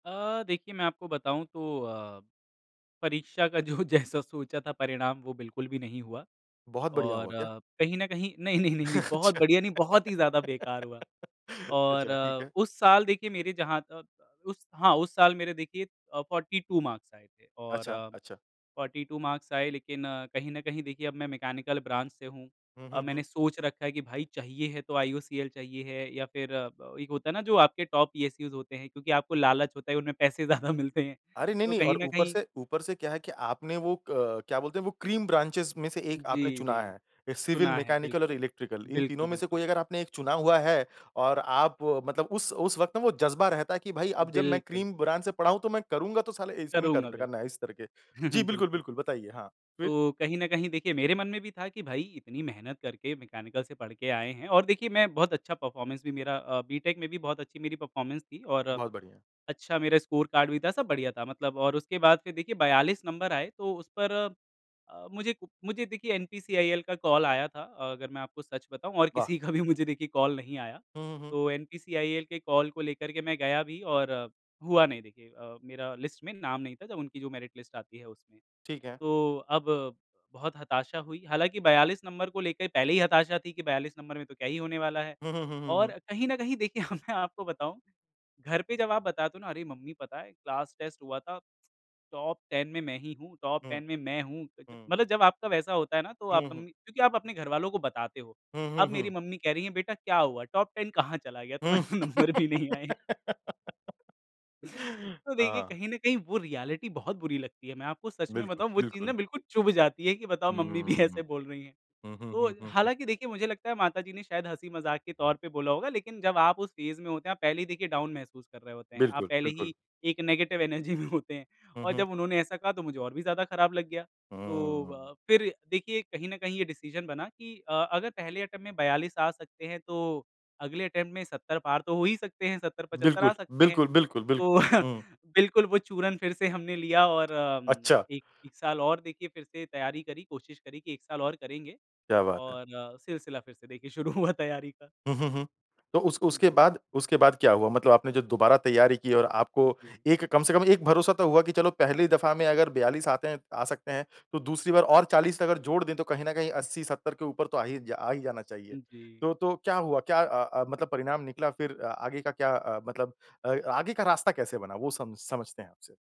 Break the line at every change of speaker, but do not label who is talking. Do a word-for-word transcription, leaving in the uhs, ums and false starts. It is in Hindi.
अ, देखिए मैं आपको बताऊँ तो अ, परीक्षा का जो जैसा सोचा था परिणाम वो बिल्कुल भी नहीं हुआ
बहुत बढ़िया हुआ
और
क्या?
अ, कहीं न कहीं नहीं-नहीं, नहीं-नहीं बहुत
अच्छा
बढ़िया नहीं, बहुत ही ज़्यादा बेकार हुआ और
अच्छा, ठीक है।
उस साल देखिए मेरे जहाँ तक उस हाँ उस साल मेरे देखिए अ, फोर्टी टू मार्क्स आए थे और
अच्छा, अच्छा।
फोर्टी टू मार्क्स आए लेकिन कहीं न कहीं देखिए अब मैं मैकेनिकल ब्रांच से हूँ।
हुँ,
अ,
हुँ, हुँ।
मैंने सोच रखा है कि भाई चाहिए है तो आईयूसीएल चाहिए है या फिर अ, एक होता है ना जो आपके टॉप ईएससीस होते हैं क्योंकि आपको लालच होता है उनमें पैसे ज़्यादा मिलते हैं।
अरे, नहीं,
तो
नहीं
कहीं
और
न
ऊपर
कहीं
से ऊपर से क्या है कि आपने वो अ, क्या बोलते हैं वो क्रीम ब्रांचेज़ में से एक आपने
जी,
चुना
जी।
है। सिविल
सुना है
मैकेनिकल और
बिल्कुल,
इलेक्ट्रिकल, इन तीनों
बिल्कुल,
में से
बिल्कुल।
कोई अगर आपने एक चुना हुआ है और आप मतलब उस उस वक़्त ना वो जज़्बा रहता है कि भाई अब जब मैं
बिल्कुल।
क्रीम ब्रांच से पढ़ा हूँ, तो मैं करूँगा तो साला इसमें ही कर
करूँगा,
ट करना है
बिल्कुल।
इस करके। जी, बिल्कुल,
बिल्कुल।
बिल्कुल बताइए? हाँ, फिर?
तो, कहीं न कहीं देखिए मेरे मन में भी था कि भाई इतनी मेहनत करके मैकेनिकल से पढ़ के आए हैं और देखिए मैं बहुत अच्छा परफ़ॉर्मेंस भी मेरा अ बी-टेक में भी बहुत अच्छी मेरी परफ़ॉर्मेंस थी और
बहुत बढ़िया है।
अच्छा मेरा स्कोर कार्ड भी था, सब बढ़िया था मतलब और उसके बाद फिर देखिए बयालीस नंबर आए तो उस पर अ, मुझे कु मुझे देखिए एनपीसीआईएल का कॉल आया था। अगर मैं आपको सच बताऊँ और
वाह।
किसी का भी मुझे देखिए कॉल नहीं आया
हुँ, हुँ, हुँ।
तो एनपीसीआईएल के कॉल को लेकर के मैं गया भी और अ, हुआ नहीं देखिए अ, मेरा लिस्ट में नाम नहीं था जब उनकी जो मेरिट लिस्ट आती है उसमें।
ठीक है।
तो अब बहुत हताशा हुई, हालाँकि बयालीस नंबर को लेकर पहले ही हताशा थी कि बयालीस नंबर में तो क्या ही होने वाला है?
हुँ, हुँ, हुँ, हुँ,
और
हुँ।
कहीं न कहीं देखिए मैं आपको बताऊँ घर पे जब आप बता दो ना अरे मम्मी पता है, क्लास टेस्ट हुआ था। टॉप 10 में मैं ही हूँ! टॉप
हुँ।
10 में मैं हूँ।
हुँ।
मतलब जब आपका वैसा होता है ना तो आप
हुँ, हुँ।
मम्मी क्योंकि आप अपने घरवालों को बताते हो।
हुँ, हुँ,
अब मेरी
हुँ।
मम्मी कह रही हैं बेटा क्या हुआ? टॉप 10 कहाँ चला गया?
हुँ
तुम्हारे तो नंबर भी नहीं आए हैं। तो देखिए,
हाँ।
कहीं न कहीं वो रीऐलिटी बहुत बुरी लगती है। मैं आपको सच में
बिल्कुल,
बताऊँ वो चीज़
बिल्कुल।
ना बिल्कुल चुभ जाती है कि बताओ मम्मी भी
हम्म।
ऐसे बोल रहीं हैं
हुँ, हुँ,
तो
हुँ, हुँ, हुँ।
हालाँकि देखिए मुझे लगता है माताजी ने शायद हँसी-मज़ाक के तौर पे बोला होगा, लेकिन जब आप उस फेज़ में होते हैं आप पहले ही देखिए डाउन महसूस कर रहे होते हैं। आप
बिल्कुल,
पहले ही
बिल्कुल।
एक नेगेटिव एनर्जी में होते हैं
हुँ,
और
हुँ।
जब उन्होंने ऐसा कहा, तो मुझे और भी ज़्यादा ख़राब लग गया। तो
हुँ।
अ, फिर देखिए कहीं न कहीं ये डिसीजन बना कि अ, अगर पहले अटेम्प्ट में बयालीस आ सकते हैं, तो अगले अटेम्प्ट में सत्तर पार तो हो ही सकते हैं सत्तर पचत्तर आ
बिल्कुल,
सकते हैं।
बिल्कुल, बिल्कुल, बिल
तो
हुँ।
बिल्कुल वो चूरन फिर से हमने लिया और अ, उम,
अच्छा।
एक साल और देखिए फिर से तैयारी करी कोशिश करी कि एक साल और करेंगे
क्या बात है।
और अ, सिलसिला फिर से देखिए शुरू हुआ तैयारी का।
हुँ, हुँ, हुँ। तो उस
हुँ
उसके
जी।
बाद, उसके बाद क्या हुआ? मतलब आपने जो दोबारा तैयारी की और आपको
हुँ, जी।
एक कम से कम एक भरोसा तो हुआ कि चलो पहली दफ़ा में अगर बयालीस आते हैं आ सकते हैं, तो दूसरी बार और चालीस अगर जोड़ दें तो कहीं न कहीं अस्सी सत्तर के ऊपर तो आ ही आ ही जा जाना चाहिए।
उ, जी।
तो तो क्या हुआ? क्या अ अ, मतलब परिणाम निकला फिर अ, आगे का क्या अ, मतलब अ, आगे का रास्ता कैसे बना वो सम समझते हैं आपसे।